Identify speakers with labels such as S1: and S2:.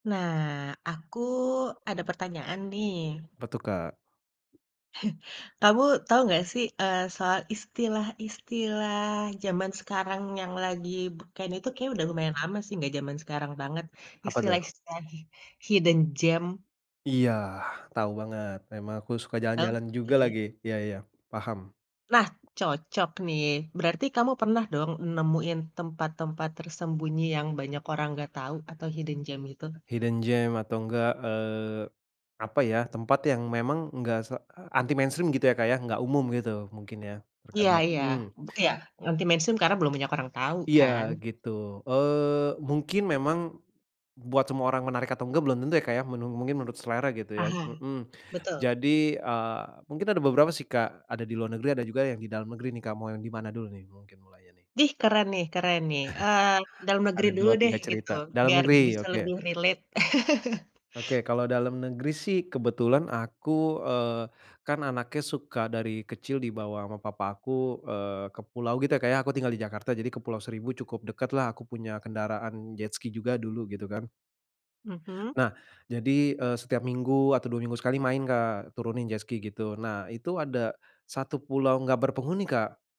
S1: Nah, aku ada pertanyaan nih.
S2: Apa tuh, Kak?
S1: Kamu tahu nggak sih, eee, soal istilah-istilah zaman sekarang yang lagi be kayaknya itu kayaknya udah lumayan lama sih, gak zaman sekarang banget.
S2: Apa tuh?
S1: Istilah-istilah hidden gem?
S2: Iya, tahu banget. Memang aku suka jalan-jalan juga lagi.
S1: Oke.
S2: Iya iya. Paham.
S1: Nah, cocok nih. Berarti kamu pernah dong, nemuin tempat-tempat tersembunyi yang banyak orang nggak tahu atau hidden gem itu?
S2: Hidden gem atau enggak, eee, apa ya, tempat yang memang enggak se anti mainstream gitu ya Kak ya, enggak umum gitu mungkin ya,
S1: Iya
S2: terkanya
S1: iya,
S2: mhm.
S1: bu iya, anti-mainstream karena belum banyak orang tahu
S2: Iya,
S1: kan?
S2: gitu, eee, mungkin memang buat semua orang menarik atau enggak belum tentu ya Kak ya, menu mungkin menurut selera gitu ya cu
S1: Aha.
S2: mhm.
S1: Betul.
S2: Jadi, eee, mungkin ada beberapa sih Kak ada di luar negeri, ada juga yang di dalam negeri nih Kak, mau yang di mana dulu nih mungkin mulainya nih?
S1: Dih, keren nih keren nih, eee, dalam negeri
S2: Ada
S1: dulu
S2: dua
S1: deh
S2: tiga
S1: gitu,
S2: cerita, dalam
S1: biar
S2: negeri,
S1: bisa
S2: oke.
S1: lebih relate.
S2: Oke, kalau dalam negeri sih kebetulan aku, eee, kan anaknya suka dari kecil dibawa sama papa aku, eee, ke pulau gitu ya Kak ya aku tinggal di Jakarta, jadi ke Pulau Seribu cukup dekat lah, aku punya kendaraan jetski juga dulu gitu kan.
S1: Mhm.
S2: Nah, jadi, eee, setiap minggu atau 2 minggu sekali main Kak, turunin jetski gitu, nah itu ada satu pulau nggak berpenghuni, Kak.